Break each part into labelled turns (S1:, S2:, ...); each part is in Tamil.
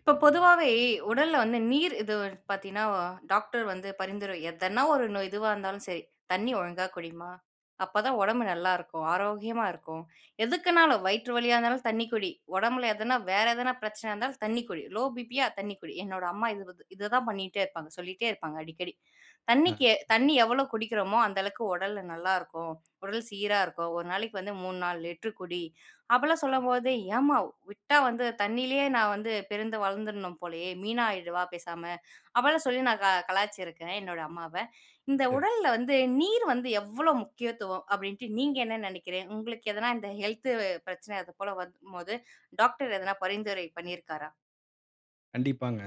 S1: இப்போ பொதுவாவே உடல்ல வந்து நீர், இது [unintelligible] பார்த்தீங்கன்னா, டாக்டர் வந்து பரிந்துரை எதனா 1 நோய் இதுவா இருந்தாலும் சரி, "தண்ணி ஒழுங்கா குடிமா. அப்ப தான் உடம்பு நல்லாருக்கும். ஆரோக்கியமா இருக்கும்." எதுக்குனாலும், வயிற்று வலியா இருந்தாலும், தண்ணி குடி. உடம்பில எதனா வேற எதனா பிரச்சனையா இருந்தாலும் தண்ணி குடி. Low BB. யா தண்ணி குடி. என்னோட அம்மா இதுவுக்கு இதுதான் பண்ணீட்டே இருப்பாங்க. சொல்லீட்டே இருப்பாங்க அடிக்கடி.
S2: அ.
S1: "தண்ணிக்கு தண்ணி எவ்வளவு குடிக்கிறோமோ, அந்த அளவுக்கு உடல் நல்லா இருக்கும். உடல் சீரா இருக்கும். ஒரு நாளைக்கு வந்து 3 4 லிட்டர் குடி." அப்படிலாம் சொல்லும்போது, "ஏம்மா, விட்டா வந்து தண்ணிலயே நான் வந்து பிறந்து வளர்ந்துடணும் போலயே! மீனா ஆயிறவா பேசாம?" அப்படிலாம் சொல்லி நான் க கலாய்ச்சிருக்கேன், என்னோட அம்மாவ. "இந்த
S2: சரி.
S1: உடல்ல வந்து, நீர் வந்து எவ்வளோ முக்கியத்துவம்?" அப்படின்ட்டு நீங்க என்ன நெனைக்கிறீங்க? உங்களுக்கு எதனா இந்த ஹெல்த் பிரச்சன அது போல வரும் போது, டாக்டர் எதனா பரிந்துரை பண்ணியிருக்காரா?
S2: கண்டிப்பாங்க.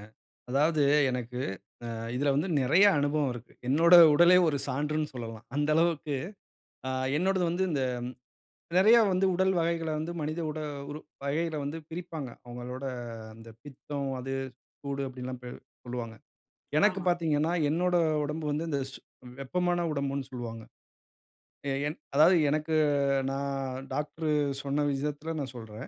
S2: அதாவது எனக்கு அ இதுல வந்து நெறைய அனுபவம் இருக்கு. என்னோட உடலே ஒரு சான்றுன்னு சொல்லலாம், அந்த அளவுக்கு. அ என்னோடது வந்து இந்த நெறைய வந்து உடல் வகைகள வந்து மனித உட உறு வகைகளை வந்து பிரிப்பாங்க. அவங்களோட அந்த பித்தம், அது, சூடு, அப்படின்ல்லாம் பி சொல்லுவாங்க. எனக்கு
S1: ஆமா.
S2: பார்த்தீங்கன்னா, என்னோட உடம்பு வந்து இந்த சூ வெப்பமான உடம்புன்னு சொல்வாங்க. எ என் அதாவது எனக்கு நான் டாக்டர் சொன்ன விஷயத்தில நான் சொல்றேன்.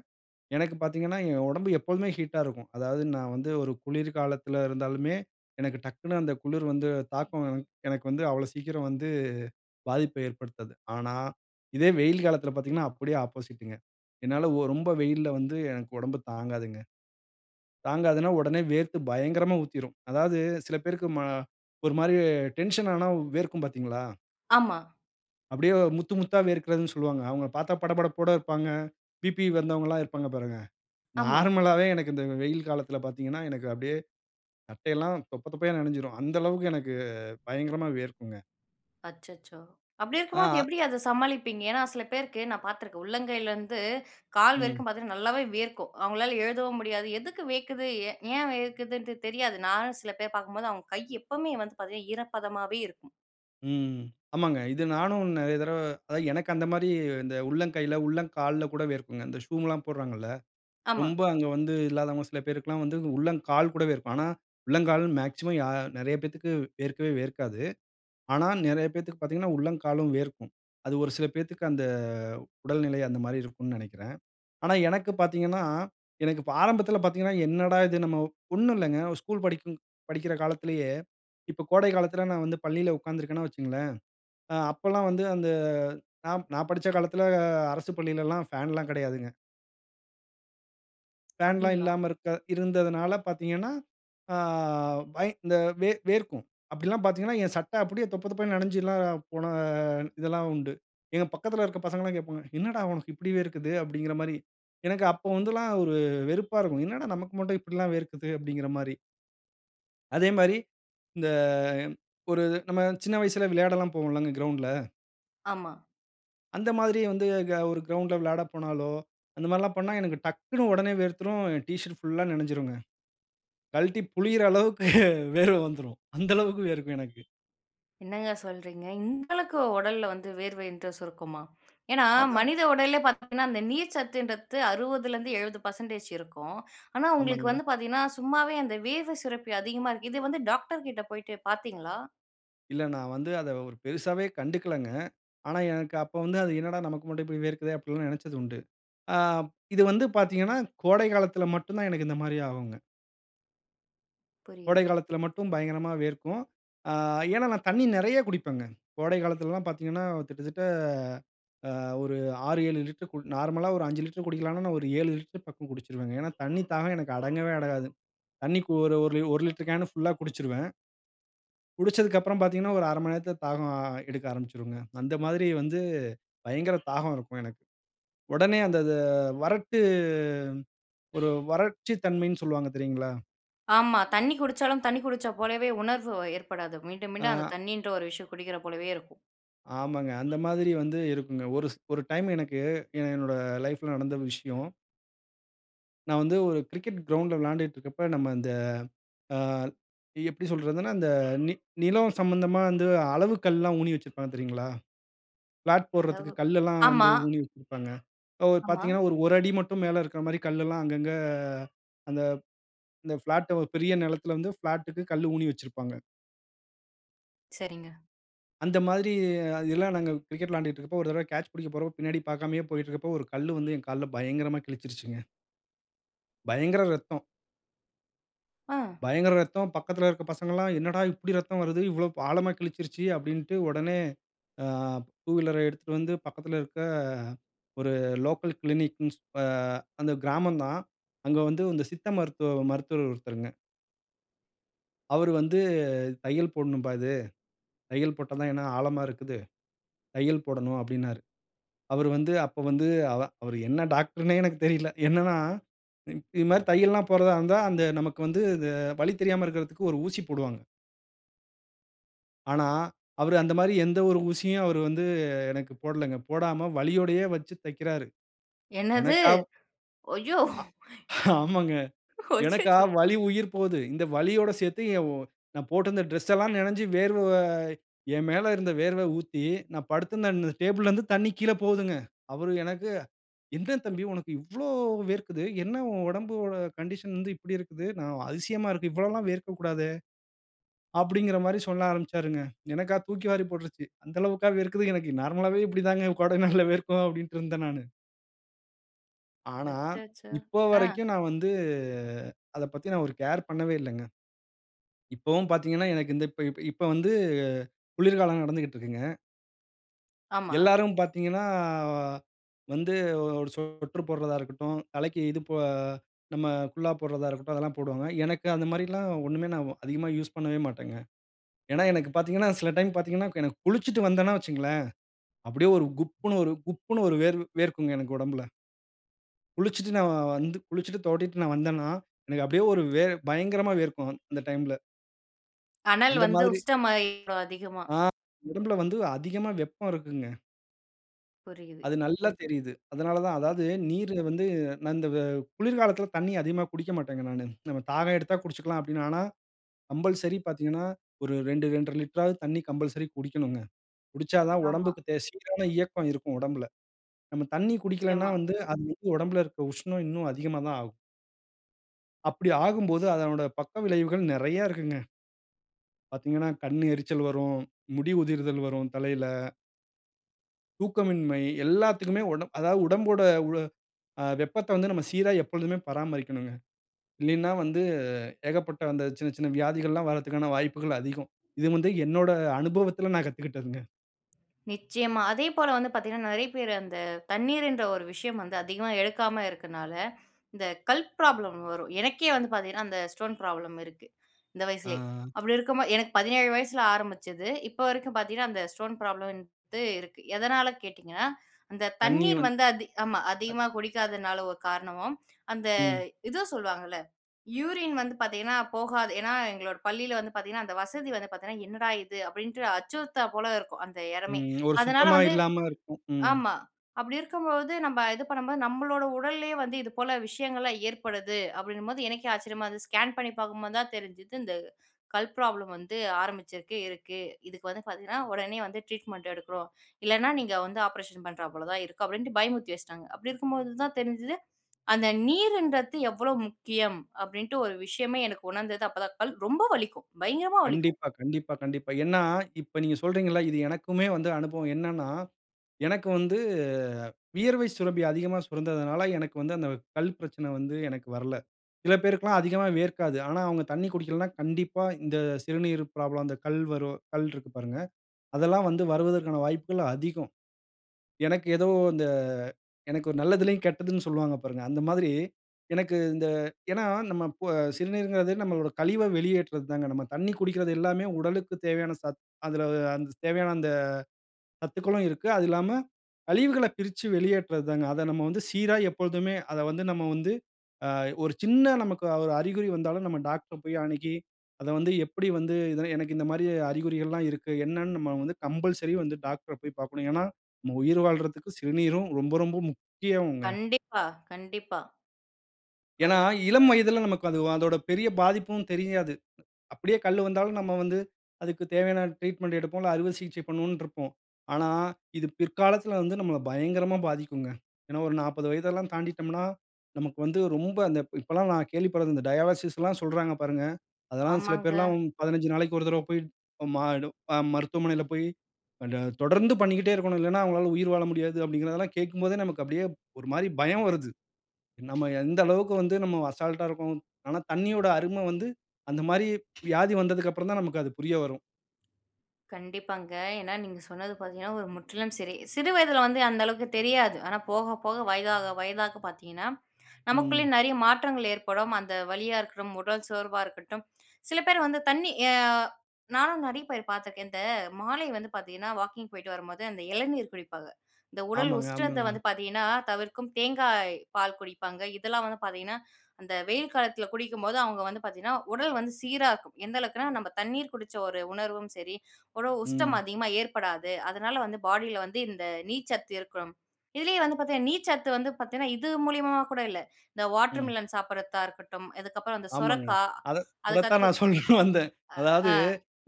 S2: எனக்கு பார்த்தீங்கன்னா, என் உடம்பு எப்பவுமே ஹீட்டா இருக்கும். அதாவது நான் வந்து ஒரு குளிர் காலத்துல இருந்தாலுமே, எனக்கு டக்குனு அந்த குளிர் வந்து தாக்கம் எனக்கு வந்து, அவ்வளோ சீக்கிரம் வந்து பாதிப்ப ஏற்படுத்தாது. ஆனா, இதே வெயில் காலத்தில பார்த்தீங்கன்னா, அப்படியே ஆப்போசிட்டுங்க. என்னால ஒ ரொம்ப வெயில்ல வந்து எனக்கு உடம்பு தாங்காதுங்க. தாங்காதுன்னா, உடனே வேர்த்து பயங்கரமா ஊத்திரும். அதாவது சில பேருக்கு மா ஒரு மாரி டென்ஷன் ஆனா வேர்க்கும் பார்த்தீங்களா?
S1: ஆமா.
S2: அப்பிடியே முத்து முத்தா வேர்க்கிறதுன்னு சொல்வாங்க. அவுங்களப் பார்த்தா படபடப்போட இருப்பாங்க. பிபி வந்தவங்கல்லாம் இருப்பாங்க பாருங்க.
S1: ஆமா.
S2: நார்மலாவே எனக்கு இந்த வெயில் காலத்தில பார்த்தீங்கன்னா, எனக்கு அப்படியே சட்டையெல்லாம் தொப்ப தொப்பையா நனஞ்சிரும். அந்த அளவுக்கு எனக்கு பயங்கரமா வியர்க்குங்க.
S1: அச்சச்சோ! அப்பிடி இருக்கும்போது
S2: ஆ.
S1: எப்பிடி அத சமாளிப்பீங்க? ஏன்னா சில பேருக்கு நான் பார்த்துருக்கேன். உள்ளங்கையிலேருந்து, கால்
S2: ம்.
S1: வரைக்கும் பார்த்தீங்கன்னா நல்லாவே வேர்க்கும். அவங்களால எழுதவும் முடியாது. எதுக்கு வியர்க்குது? ஏ ஏன் வியர்க்குதுண்ட்டு தெரியாது. நானும் சில பேர் பார்க்கும்போது, அவுங்க கை எப்பவுமே வந்து பார்த்தீங்கன்னா ஈரப்பதமாவே இருக்கும்.
S2: ம். ஆமாங்க. இது நானும் நிறைய தடவ அ எனக்கு அந்தமாரி இந்த உள்ளங்கைல உள்ளங்கால்ல கூட வியர்க்குங்க. இந்த ஷூம்லாம் போடுகிறாகள்ல.
S1: ஆமா.
S2: ரொம்ப அங்க வந்து இல்லாதவங்க சில பேருக்குல்லாம் வந்து உள்ளங்கால் கூட வியர்க்கும். ஆனா, உள்ளங்கால் மேக்ஸிமம் யா நிறைய பேத்துக்கு வியர்க்கவே வியர்க்காது. ஆனா, நிறைய பேருக்கு பார்த்தீங்கன்னா உள்ளம் காலும் வியர்க்கும். அது ஒரு சில பேத்துக்கு அந்த உடல்நிலை அந்தமாரி இருக்குன்னு நினைக்கிறேன். ஆனா, எனக்கு பார்த்தீங்கன்னா, எனக்கு இப்ப ஆரம்பத்தில பார்த்தீங்கன்னா என்னடா இது நம்ம ஒன்னும் இல்லங்க ஸ்கூல் படிக்கும் படிக்கிற காலத்திலேயே இப்ப கோடை காலத்தில நான் வந்து பள்ளியில உட்காந்திருக்கணா வச்சிக்கங்களேன், ஆ அப்பல்லாம் வந்து அந்த நான் நான் படிச்ச காலத்தில அரசுப் பள்ளியில எல்லாம் ஃபேன்ல்லாம் கிடையாதுங்க. ஃபேன்லாம்
S1: அப்டீங்களா!
S2: இல்லாம இருக்க இருந்ததுனால பார்த்தீங்கன்னா, ஆ வை இந்த வே வேர்க்கும். அப்படிலாம் பார்த்தீங்கன்னா, என் சட்ட அப்படியே தொப்ப தொப்ப நனஞ்சுலாம் போன இதெல்லாம் உண்டு. எங்க பக்கத்தில இருக்கிற பசங்கள்லாம் கேட்பாங்க, "என்னடா உனக்கு இப்படி வேர்க்குது?" அப்படிங்கிற மாரி. எனக்கு அப்போ வந்துலாம் ஒரு வெறுப்பா இருக்கும். என்னடா நமக்கு மட்டும் இப்படிலாம் வேர்க்குது அப்படிங்கிற மாரி. அதே மாரி, இந்த ம் ஒரு நம்ம சின்ன வயசுல விளையாடல்லாம் போவோம்ல்லங்க கிரவுண்ட்ல.
S1: ஆமா.
S2: அந்த மாதிரி வந்து க ஒரு கிரவுண்ட்ல விளையாட போனாலோ, அந்த மாதிரில்லாம் பண்ணா எனக்கு டக்குனு உடனே வேர்த்துரும். ஏ டிஷர்ட் புல்லா நனஞ்சுடுங்க. கல்ட்டி புளியற அளவுக்கு வேர்வை வந்துரும். அந்த அளவிற்கு வேர்க்கும் எனக்கு.
S1: என்னங்க சொல்கிறீங்க? இந்த அளவுக்கு உடல்ல வந்து வியர்வைன்றது சொரக்குமா? ஏன்னா,
S2: அதான்.
S1: மனித உடல்ல பார்த்தீங்கன்னா, அந்த நீர் சத்துங்கறது 60லருந்து 70 பெர்செண்டேஜ் இருக்கும். ஆனா உங்களுக்கு
S2: ஆமாங்க.
S1: வந்து பார்த்தீங்கன்னா, சும்மாவே அந்த வியர்வை சுரப்பி அதிகமா இருக்கு. இது வந்து டாக்டர்கிட்ட போய்ட்டு பார்த்தீங்களா?
S2: இல்ல நான் வந்து அத ஒரு பெரிசாவே கண்டுக்கலங்க. ஆனா எனக்கு அப்போ வந்து அது "என்னடா நமக்கு மட்டும் இப்படி வேர்க்கிறதே" அப்படின்னு நெனைச்சது உண்டு. ஆ இது வந்து பார்த்தீங்கன்னா, கோடை காலத்தில மட்டும் தான் எனக்கு இந்த மாதிரி ஆகும்ங்க. கோடை
S1: புரியுது.
S2: காலத்தில மட்டும் பயங்கரமா வியர்க்கும். ஆ ஏன்னா, நான் தண்ணீ நிறையா குடிப்பேங்க. கோடை காலத்திலல்லாம் பார்த்தீங்கன்னா, கிட்டத்தட்ட அ ஒரு 6, 7 லிட்டர் குடி நார்மலா ஒரு 5 லிட்ரு குடிக்கலான்னா, நான் ஒரு 7 லிட்டர் பக்கம் குடிச்சிருவேங்க. ஏன்னா, தண்ணீ தாகம் எனக்கு அடங்கவே அடங்காது. தண்ணீக்கு ஒரு ஓரு 1 லிட்டர் கேனு ஃபுல்லா குடிச்சிருவேன். குடிச்சதுக்கப்பறம் பார்த்தீங்கன்னா, ஒரு 1/2 மணி நேரத்தில தாகம் எடுக்க ஆரம்பிச்சிருங்க. அந்த மாதிரி வந்து பயங்கர தாகம் இருக்கும் எனக்கு. உடனே அந்த இத வறட்டு ஒரு வறட்சி தன்மைன்னு சொல்வாங்க தெரியுங்களா?
S1: ஆமா. தண்ணீ குடிச்சாலும் தண்ணீ குடிச்ச போலவே உணர்வு ஏற்படாது. மீண்டும் மீண்டும் அந்த
S2: ஆ.
S1: தண்ணீன்ற ஒரு விஷயம் குடிக்கிற போலவே இருக்கும்.
S2: ஆமாங்க. அந்த மாதிரி வந்து இருக்குங்க. ஒரு ஸ் ஒரு டைம் எனக்கு ஏ என்னோட லைஃப்ல நடந்த விஷயம். நான் வந்து ஒரு கிரிக்கெட் கிரவுண்டுல விளையாண்டுட்டு இருக்கப்ப நம்ம இந்த ஆ எப்படி சொல்றதுன்னா, அந்த நி நிலம் சம்மந்தமா வந்து அளவு கல்லாம் ஊணி வச்சிருப்பாங்க தெரியுங்களா? பிளாட் போடுறதுக்கு
S1: அளவு.
S2: கல் எல்லாம் வந்து
S1: ஆமா.
S2: ஊணி வச்சிருப்பாங்க. இப்போ
S1: ஆமா.
S2: பார்த்தீங்கன்னா ஒரு, 1 அடி மட்டும் மேல இருக்கிற மாரி கல் எல்லாம் அங்க, அங்க. அந்த, அந்த பிளாட்ட ஒரு பெரிய நிலத்தில வந்து பிளாட்க்கு கல் ஊணி வச்சிருப்பாங்க.
S1: சரிங்க.
S2: அந்த மாதிரி, அது எல்லாம் நாங்க கிரிக்கெட் விளாண்டுட்ருக்கப்ப ஒரு தடவ கேட்ச் பிடிக்கப் போறப்போ பின்னாடி பார்க்காமயே போய்ட்டிருக்கப்ப, ஒரு கல்லு வந்து என் கால்ல பயங்கரமாக கிழிச்சுருச்சுங்க. பயங்கர இரத்தம்.
S1: அ.
S2: பயங்கர ரத்தம். பக்கத்துல இருக்க பசங்கள்ல்லாம் "என்னடா இப்படி இரத்தம் வருது? இவ்வளவு ப் ஆழமா கிழிச்சிசுருச்சு?" அப்படின்டு உடனே அ, 2 வீலர எடுத்துட்டு வந்து பக்கத்துல இருக்க, ஒரு லோக்கல் க்ளினிக்குன்னு சொல்ற அந்த கிராமந்தான். அங்க வந்து இந்த சித்த மருத்துவ மருத்துவர் ஒருத்தருங்க. அவரு வந்து, "தையல் போடணும்பா இது. தையல் போட்டா தான் ஏன்னா, ஆழமா இருக்குது. தையல் போடணும்", அப்படின்னாரு. அவரு வந்து, அப்போ வந்து அதான் அவரு என்ன டாக்டருன்னே எனக்குத் தெரியல. என்னன்னா, இ இது மாதிரி தையல்லாம் போடுறதா இருந்தா, அந்த நமக்கு வந்து இந்த வலி தெரியாம இருக்கறதுக்கு ஒரு ஊசி போடுவாங்க. ஆனா, அவரு அந்த மாரி எந்த ஒரு ஊசியும் அவரு வந்து, எனக்கு போடலங்க. போடாம வலியோடையே வச்சு தைக்கிறாரு.
S1: என்னது?
S2: எனக்காவ்
S1: ஐயோ!
S2: அ. ஆமாங்க. எனக்கா
S1: அச்சச்சோ!
S2: வலி உயிர் போது. இந்த வலியோட சேர்த்து என் ஓ நான் போட்டிருந்த டிரெஸ்ஸெல்லாம் நனைஞ்சு வேர்வை என் மேல இருந்த வேர்வை ஊத்தி, நான் படுத்திருந்த ன் டேபிள்லருந்து தண்ணி கீழ போகுதுங்க. அவரு எனக்கு, "எந்த தம்பி, உனக்கு இவ்வளோ வேர்க்குது? என்ன உன் உடம்புவோட கண்டிஷன் வந்து இப்படி இருக்குது? நான் அதிசயமா இருக்கு. இவ்வளோல்லாம் வேர்க்கக்கூடாதே!" அப்படிங்கிற மாரி சொல்ல ஆரம்பிச்சாருங்க. எனக்கா தூக்கி வாரி போட்டுருச்சு. "அந்த அளவுக்கா வேர்க்குது! எனக்கு நார்மலாவே இப்படி தாங்க கோடை நாள்ல வேர்க்கும்" அப்படின்டு இருந்தேன் நானு. ஆனா,
S1: அச்சச்சோ!
S2: இப்போ
S1: அ.
S2: வரைக்கும் நான் வந்து அத பத்தி நான் ஒரு கேர் பண்ணவே இல்லங்க. இப்பவும் பார்த்தீங்கன்னா, எனக்கு இந்த இப்ப இப் இப்ப வந்து குளிர்காலம் நடந்துக்கிட்டு இருக்குங்க.
S1: ஆமா.
S2: எல்லாரும் பார்த்தீங்கன்னா, வந்து ஒ ஒரு சொட்டரு போடுறதா இருக்கட்டும், தலைக்கு இது போ நம்ம குல்லா போடுறதா இருக்கட்டும். அதெல்லாம் போடுவாங்க. எனக்கு அந்த மாரிலாம் ஒண்ணுமே நான் அதிகமா யூஸ் பண்ணவே மாட்டேங்க. ஏன்னா எனக்கு பார்த்தீங்கன்னா சில டைம் பார்த்தீங்கன்னா, கு எனக்கு குளிச்சுட்டு வந்தன்னா வச்சுக்கங்களேன், அப்படியே ஒரு குப்புன்னு ஒரு குப்புன்னு ஒரு வேர் வேர்க்குங்க. எனக்கு உடம்புல. குளிச்சிட்டு நான் வ வந்து குளிச்சிட்டு தொவட்டிட்டு நான் வந்தன்னா, எனக்கு அப்படியே ஒரு வேர் பயங்கரமா வேர்க்கும் அந் அந்த டைம்ல.
S1: அனல்
S2: அந்த
S1: வந்து
S2: மாதிரி.
S1: உஷ்ணமாயிரும் அதிகமா.
S2: ஆ! உடம்பில வந்து அதிகமா வெப்பம் இருக்குங்க.
S1: புரியுது.
S2: அது நல்லா தெரியுது. அதனால தான். அதாவது,
S1: [unintelligible]
S2: நீருல வந்து நான் இந்த வெ குளிர்காலத்தில தண்ணிய அதிகமா குடிக்க மாட்டேங்க நானு. நம்ம தாகம் எடுத்தா குடிச்சிக்கலாம் அப்பிடீன்னு. ஆனா, கம்பல்சரி பார்த்தீங்கன்னா, ஒரு 2 2 1/2 லிட்டராவது தண்ணி கம்பல்சரி குடிக்கணுங்க. குடிச்சாதான்
S1: ஆமா.
S2: உடம்புக்கு தே சீரான இயக்கம் இருக்கும் உடம்புல. நம்ம தண்ணி குடிக்கலன்னா
S1: நிச்சயமா.
S2: வந்து, அது வந்து உடம்புல இருக்க உஷ்ணம் இன்னும் அதிகமா தான் ஆகும். அப்டி ஆகும்போது. அதனோட பக்க விளைவுகள் நிறைய இருக்குங்க. பார்த்தீங்கனா கண்ணு எரிச்சல் வரும், முடி உதிர்தல் வரும் தலையில. தூக்கமின்மை எல்லாத்துக்குமே. உடம் அதாவது உடம்போட உ ஆ வெப்பத்த வந்து நம்ம சீரா எப்பொழுதுமே பராமரிக்கனுங்க. இல்லீனா வந்து ஏகப்பட்ட அந்த சின்ன சின்ன வியாதிகள்ல்லாம் வர்றதுக்கான வாய்ப்புகள் அதிகம். இது வந்து என்னோட அனுபவத்துல நான் கத்துகிட்டதுங்க.
S1: நிச்சயமா. அதேபோல வந்து பார்த்தீங்கன்னா நிறைய பேரு. அந்த தண்ணீர்ன்ற ஒரு விஷயம் வந்து அதிகமா எடுக்காம இருக்கிறனால, இந்த கல் ப்ராப்ளம் வரும். எனக்கே வந்து பார்த்தீங்கன்னா, அந்த ஸ்டோன் ப்ராப்ளம் இருக்கு. இந்த வயசுலயே.
S2: ஆ.
S1: அப்டி இருக்கும்போது எனக்கு 17 வயசுல ஆரம்பிச்சது, இப்ப வரைக்கும் பார்த்தீங்கன்னா அந்த ஸ்டோன் ப்ராப்ளம் வந்து இருக்கு. எதனால கேட்டீங்கன்னா, அந்த
S2: தண்ணீ
S1: தண்ணீர்
S2: வந்து.
S1: வந்து அதி ஆமா.
S2: அத்
S1: அதிகமா குடிக்காததுனால ஒரு காரணமும் அந்த
S2: ம்.
S1: இது சொல்வாங்கல்ல, யூரின் வந்து பார்த்தீங்கன்னா போகாத ஏனா, எங்களோட பள்ளியில வந்து பார்த்தீங்கனா அந்த வசதி வந்து பார்த்தீங்கன்னா என்னடா இது அப்டின்ட்டு அச்சுறுத்தல போல இருக்கும். அந்த இடமே.
S2: ம். ஒரு
S1: அதனால
S2: சுத்தமா
S1: வந்து
S2: இல்லாம இருக்கும். ம்.
S1: ஆமா, அப்டி இருக்கும்போது, நம்ம இது பண்ணும்போது நம்மளோட உடல்லே வந்து இதுபோல விஷயங்கள்லாம் ஏற்படுது அப்டின்னும்போது எனக்கே ஆச்சரியமா இருந்துது. ஸ்கேன் பண்ணி பார்க்கும்போது தான் தெரிஞ்சுது. இந்த கல் ப்ராப்ளம் வந்து ஆரம்பிச்சிருக்கு, இருக்கு. இதுக்கு வந்து பார்த்தீங்கன்னா, உடனே வந்து ட்ரீட்மெண்ட் எடுக்கறோம். இல்லனா நீங்க வந்து ஆப்ரேஷன் பண்றா போல தான் இருக்கும். அப்டின்ட்டு பயமுறுத்தி வச்சிட்டாங்க. அப்டி இருக்கும்போது தான் தெரிஞ்சுது. அந்த நீருன்றத்து எவ்ளோ முக்கியம் அப்டின்ட்டு. ஒரு விஷயமே எனக்கு உணர்ந்தது அப்பதான். கல் ரொம்ப வலிக்கும். பயங்கரமா வலிக்கும்.
S2: கண்டிப்பா, கண்டிப்பா, கண்டிப்பா. ஏனா, இப்ப நீங்க சொல்கிறீங்கள இல்ல. இது எனக்குமே வந்து அனுபவம். என்னனா, எனக்கு வந்து அ வியர்வை சுரப்பி அதிகமா சுரந்ததனால. எனக்கு வந்து அந்த வெ கல் பிரச்சன வந்து எனக்கு வரல. சில பேருக்கு எல்லாம் அதிகமா வியர்க்காது. ஆனா, அவங்க தண்ணீ குடிக்கலனா, கண்டிப்பா இந்த சிறுநீர் ப்ராப்ளம் அந்த கல் வரும் கல்ருக்கு பாருங்க. அதெல்லாம் வந்து வருவதற்கான வாய்ப்புகள் அதிகம். எனக்கு ஏதோ அ இந்த எனக்கு ஒரு நல்லதுலியும் கெட்டதுனு சொல்வாங்க பாருங்க. அந்த மாரி எனக்கு இந்த அ ஏனா நம்ம ப் சிறுநீர்ங்றது, நம்மளோட கழிவ வெளியேற்றுது தாங்க. நம்ம தண்ணீ குடிக்கறது எல்லாமே உடலுக்கு தேவையான சத்து. அதுல, தேவையான அந்த அ சத்துக்களும் இருக்கு. அது இல்லாம, கழிவுகள பிரிச்சு வெளியேற்றது தாங்க. அத நம்ம வந்து சீரா எப்பொழுதுமே அத வந்து நம்ம வந்து. ஆ ஒரு சின்ன நமக்கு ஒரு அறிகுறி வந்தாலும் நம்ம டாக்டர் அ போய் அணுகி, அத வந்து எப்டி வந்து எனக்கு இந்த மாரி அறிகுறிகள்லாம் இருக்கு. என்னன்னு நம்ம வந்து கம்பல்சரி வந்து டாக்டர் அ போய் பார்க்கணும். ஏனா, நம்ம உயிர் வாழ்றதுக்கு சிறுநீரும் ரொம்ப ரொம்ப முக்கியங்க.
S1: கண்டிப்பா, கண்டிப்பா.
S2: ஏனா,
S1: அது வ
S2: இளம்
S1: அ
S2: வயதுல நமக்கு அது அதோட பெரிய பாதிப்பும் தெரியாது. அப்டியே கல்லு வந்தாலும், நம்ம வந்து அதுக்கு தேவையான ட்ரீட்மென்ட் எடுப்போம் இல்ல, அறுவை சிகிச்சை பண்ணுவோன்று இருப்போம். ஆனா, இது பிற்காலத்துல வந்து நம்மள பயங்கரமா பாதிக்குங்க. ஏனா, ஒரு 40 வயது எல்லாம் தாண்டிட்டோம்னா, நமக்கு வந்து ரொம்ப அந்த, இப்போ எல்லாம் நான் கேள்விப்பட்டது இந்த டயாலிசிஸ் எல்லாம் சொல்றாங்க பாருங்க. அதெல்லாம் சில
S1: ஆமாங்க.
S2: பேர்லாம் 15 நாளைக்கு ஒரு தடவ போய். [unintelligible] மருத்துவமனையில போய் [unintelligible] தொடர்ந்து பண்ணிக்கிட்டே இருக்கணும். இல்லனா, அவங்களால உயிர் வாழ முடியாது. அப்டிங்கிறதலாம் கேட்கும்போதே நமக்கு அப்டியே ஒரு மாரி பயம் வருது. நம்ம எந்த அளவுக்கு வந்து நம்ம அசால்ட்ஆ இருக்கறோம். ஆனா, தண்ணீயோட அரும வந்து அந்த மாரி வியாதி வந்ததுக்கு அப்புறம் தான் நமக்கு அது புரிய வரும்.
S1: கண்டிப்பாங்க. ஏன்னா நீங்க சொன்னது பார்த்தீங்கன்னா ஒரு முற்றிலும் சரி. சிறு வயதுல வந்து அந்த அளவுக்கு தெரியாது. ஆனா போக போக, வயதாக வயதாக பார்த்தீங்கன்னா, நமக்குள்ளே
S2: ம்.
S1: நெறைய மாற்றங்கள் ஏற்படும். அந்த வலியா இருக்கட்டும், உடல் சோர்வா இருக்கட்டும். சில பேர் வந்து தண்ணி ஆ நானும் நெறைய பேர் பார்த்துருக்கேன். இந்த மாலை வந்து பார்த்தீங்கன்னா, வாக்கிங் போய்ட்டு வரும்போது, அந்த இளநீர் குடிப்பாங்க. இந்த உடல்
S2: ஆமாங்க,
S1: உஷ்ணத்தை வந்து
S2: ஆமாங்க.
S1: பார்த்தீங்கன்னா தவிர்க்கும். தேங்காய் பால் குடிப்பாங்க. இதெல்லாம் வந்து பார்த்தீங்கன்னா, அந்த வெயில் காலத்தில குடிக்கும்போது, அவங்க வந்து பார்த்தீங்கன்னா உடல் வந்து சீரா இருக்கும். எந்த அளவுக்குன்னா, நம்ப தண்ணீர் குடிச்ச ஒரு உணர்வும் சரி ஒரு உஷ்ணம்
S2: ம்.
S1: அதிகமா ஏற்படாது. அதனால வந்து பாடியில வந்து இந்த நீர்ச்சத்து இருக்கும். இதுலயே வந்து பார்த்தீங்கன்னா, நீர்ச்சத்து வந்து பார்த்தீங்கன்னா, இது மூலியமா கூட இல்ல. இந்த
S2: ம்.
S1: வாட்டர்மிலன் சாப்பிடுறத்தா இருக்கட்டும். இதுக்கப்புறம் இந்த
S2: ஆமாங்க.
S1: சொரைக்கா,
S2: அதத் அதத்தான்
S1: அதுக்கடுத்து
S2: நான் சொல்ல வந்தேன்.
S1: அ.
S2: அதாவது
S1: அ.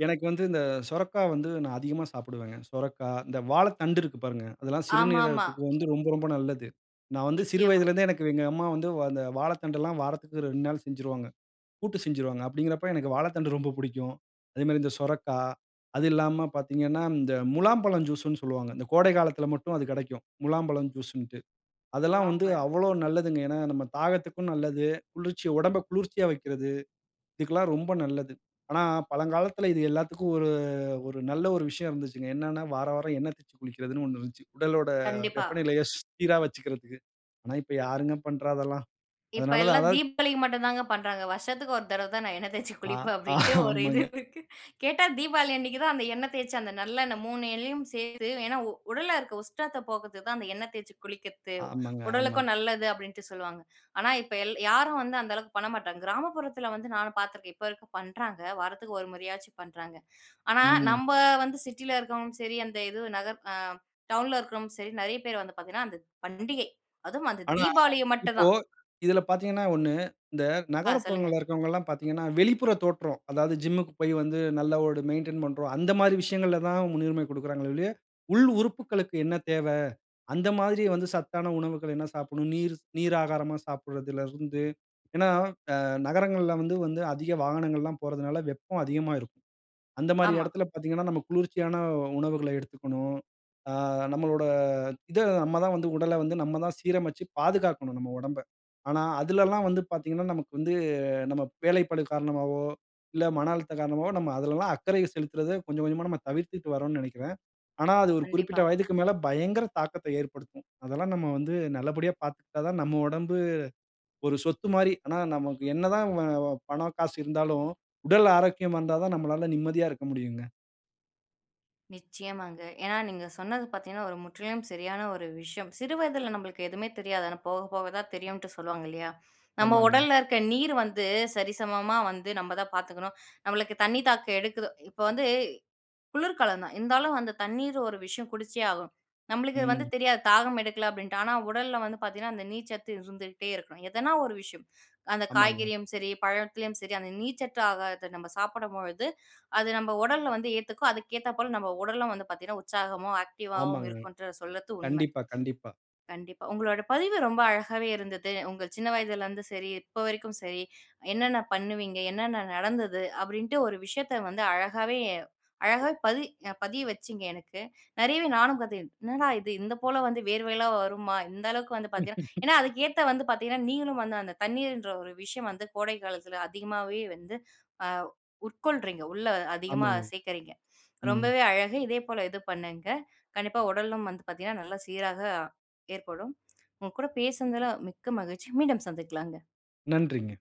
S2: எனக்கு வந்து, இந்த சொரைக்கா வந்து நான் அதிகமா சாப்பிடுவேங்க. சொரைக்கா இந்த வாழைத்தண்டு இருக்கு பாருங்க. அதெல்லாம்
S1: ஆமாமா.
S2: சிறுநீரகத்துக்கு வந்து ரொம்ப ரொம்ப நல்லது. நான் வந்து சிறு
S1: நிச்சயமா.
S2: வயதிலருந்தே, எனக்கு எங்க அம்மா வந்து அந்த வாழைத்தண்டுலாம் வாரத்துக்கு 2 நாள் செஞ்சிருவாங்க. கூட்டு செஞ்சுருவாங்க. அப்படிங்கறப்ப எனக்கு வாழைத்தண்டு ரொம்ப புடிக்கும். அதே மாரி இந்த சுரைக்கா. அது இல்லாம பார்த்தீங்கன்னா, இந்த முலாம்பழம் ஜூஸுன்னு சொல்லுவாங்க. இந்த கோடை காலத்தில மட்டும் அது கெடைக்கும். முலாம்பழம் ஜூஸுன்ட்டு. அதெல்லாம் வந்து
S1: முலாம்பழம்.
S2: அவ்வளோ நல்லதுங்க. ஏன்னா, நம்ம தாகத்துக்கும் நல்லது. குளிர்ச்சி உடம்பை குளிர்ச்சியா வைக்கிறது. இதுக்கெல்லாம் ரொம்ப நல்லது. ஆனா பழங்காலத்தில இது எல்லாத்துக்கும் ஒரு ஒரு நல்ல ஒரு விஷயம் இருந்ததுச்சுங்க. என்னன்னா வாரா வாரம் எண்ண தேய்ச்சி குளிக்கிறதுன்னு ஒண்ணு இருந்துச்சு. உடலோட
S1: கண்டிப்பா.
S2: வெப்பநிலைய சீரா வச்சுக்கிறதுக்கு. ஆனா இப்ப யாருங்க பண்ணுறா அதெல்லாம்.
S1: இப்ப
S2: அதனால தான்,
S1: எல்லாம்
S2: அதாவது
S1: தீபாவளிக்கு மட்டுதாங்க பண்றாங்க. வருஷத்துக்கு ஒரு தடவை தான் நான் எண்ணெய் தேய்ச்சு
S2: ஆ
S1: குளிப்பேன், அப்படின்ட்டு ஒரு இது
S2: ஆமாங்க.
S1: இருக்கு. கேட்டா தீபாவளி அன்னைக்கு தான் அந்த எண்ணெய் தேய்ச்சு, அந்த நல்லெண்ணெய் 3 எண்ணையும் சேர்த்து ஏன்னா உ உடல்ல இருக்க உஷ்ணத்த போக்கறதுக்கு தான் அந்த எண்ணெய் தேய்ச்சி குளிக்கறத்து.
S2: ஆமாங்க, ஆமாங்க.
S1: உடலுக்கும் நல்லது அப்படின்ட்டு சொல்லுவாங்க. ஆனா இப்ப எல் யாரும் வந்து அந்த அளவுக்கு பண்ண மாட்டாங்க. கிராமப்புறத்துல வந்து நானும் பார்த்துருக்கேன். இப்ப வரைக்கும் பண்றாங்க. வாரத்துக்கு 1 முறையாச்சும் பண்றாங்க. ஆனா
S2: ம்.
S1: நம்ப வந்து சிட்டில இருக்கவங்களும் சரி, அந்த எதோ நகர் அ டவுன்ல இருக்கவரும் சரி, நெறைய பேர் வந்து பார்த்தீங்கன்னா, அந்த பண்டிகை அதுவும் அந்த
S2: ஆனா
S1: தீபாவளிய
S2: இப்போ
S1: மட்டுந்தான்.
S2: இதில பார்த்தீங்கன்னா ஒண்ணு, இந்த
S1: ஆ, சொல்லுங்க.
S2: நகரப்புறங்கள்ல இருக்கவங்கல்லாம் பார்த்தீங்கன்னா, வெளிப்புற தோற்றம். அதாவது ஜிம்முக்கு போய் வந்து, நல்ல ஒரு மெயின்டெயின் பண்றோம். அந்த மாரி விஷயங்கள்ல தான் முன்னுரிமை கொடுக்கிறாங்களே ஒழிய, உள் உறுப்புக்களுக்கு என்ன தேவை? அந்த மாரி வந்து சத்தான உணவுகள் என்ன சாப்பிடணும். நீர் நீர் ஆகாரமா சாப்பிடுறதுல இருந்து. ஏன்னா, அ நகரங்கள்ல வந்து வந்து அதிக வாகனங்கள்லாம் போறதுனால வெப்பம் அதிகமா இருக்கும். அந்த மாரி
S1: ஆமா.
S2: இடத்துல பாத்தீங்கன்னா, நம்ம குளிர்ச்சியான உணவுகள எடுத்துக்கணும். அ நம்மளோட இத நம்ம தான் வந்து உடலை வந்து, நம்ம தான் சீரமைச்சு பாதுகாக்கணும் நம்ம உடம்பை. ஆனா அதுலலாம் வந்து பார்த்தீங்கன்னா, நமக்கு வந்து நம்ம வேலைப்பளு காரணமாவோ, இல்ல மன அழுத்தம் காரணமாவோ, நம்ம அதுலலாம் அக்கறைய செலுத்துறத கொஞ்சம் கொஞ்சமா நம்ம தவிர்த்துட்டு வறோம்ன்னு நெனைக்கிறேன். ஆனா, அது ஒரு குறிப்பிட்ட
S1: கண்டிப்பா.
S2: வயதுக்கு மேல பயங்கர தாக்கத்த ஏற்படுத்தும். அதெல்லாம் நம்ம வந்து நல்லபடியா பார்த்துக்கிட்டா தான் நம்ம உடம்பு ஒரு சொத்து மாரி. ஆனா நமக்கு என்ன தான் வ பணம், காசு இருந்தாலும், உடல் ஆரோக்கியமா இருந்தா தான் நம்மளால நிம்மதியா இருக்க முடியுங்க.
S1: நிச்சயமாங்க. ஏன்னா நீங்க சொன்னது பார்த்தீங்கன்னா, ஒரு முற்றிலும் சரியான ஒரு விஷயம். சிறு வயதில நம்மளுக்கு எதுவுமே தெரியாது. ஆனா போக, போக தான் தெரியுன்டு சொல்லுவாங்க இல்லயா? நம்ம
S2: ஆமாங்க.
S1: உடல்ல இருக்க நீர் வந்து சரிசமமா வந்து நம்ம தான் பார்த்துக்கணும். நம்மளுக்கு தண்ணீ தாகம் எடுக்குது. இப்ப வந்து குளிர்காலம் தான் இருந்தாலும் அந்த தண்ணீர் ஒரு விஷயம் குடிச்சே ஆகும். நம்மளுக்கு வந்து
S2: ம்.
S1: தெரியாது தாகம் எடுக்கல அப்பிடின்ட்டு. ஆனா, உடல்ல வந்து பார்த்தீங்கன்னா, அந்த நீர்ச்சத்து இருந்துகிட்டே இருக்கணும். எதனா ஒரு விஷயம். அந்த
S2: ஆமாங்க.
S1: காய்கறியும் சரி, பழத்துலயும் சரி, அந்த நீர்ச்சத்து ஆகாரத்த நம்ம சாப்பிடும் பொழுது அது நம்ம உடல்ல வந்து ஏத்துக்கும். அதுக்கு ஏத்தாப்போல நம்ம உடலும் வந்து பார்த்தீங்கன்னா உற்சாகமாவும், ஆக்டிவா வும்
S2: ஆமாங்க.
S1: இருக்குன்று சொல்றது உண்மை.
S2: கண்டிப்பா, கண்டிப்பா.
S1: கண்டிப்பா உங்களோட பதிவு ரொம்ப அழகாவே இருந்தது. உங்க சின்ன வயதிலேருந்து சரி, இப்ப வரைக்கும் சரி, என்னென்ன பண்ணுவீங்க, என்னென்ன நடந்தது அப்பிடின்ட்டு ஒரு விஷயத்த வந்து அழகாவே அழகா பதி பதிய வச்சிங்க எனக்கு. நிறையவே நானும் கத்து என்னடா! இது இந்த போல வந்து வியர்வையெல்லாம் வருமா! இந்த அளவுக்கு வந்து பார்த்தீங்கன்னா, ஏன்னா, அதுக்கு ஏத்த வந்து பார்த்தீங்கன்னா, நீங்களும் வந்து அந்த தண்ணீர்ன்ற ஒரு விஷயம் வந்து கோடை காலத்தில அதிகமாவே வந்து அ உட்கொள்றீங்க. உள்ளே அதிகமா
S2: ஆமாங்க.
S1: சேர்க்கிறீங்க.
S2: ம்.
S1: ரொம்பவே அழகு. இதே போல இது பண்ணுங்க. கண்டிப்பா உடலும் வந்து பார்த்தீங்கன்னா, நல்ல சீராக ஏற்படும். உங்கக்கூட பேசுனதுல மிக்க மகிழ்ச்சி. மீண்டும் சந்திக்கலாங்க.
S2: நன்றிங்க.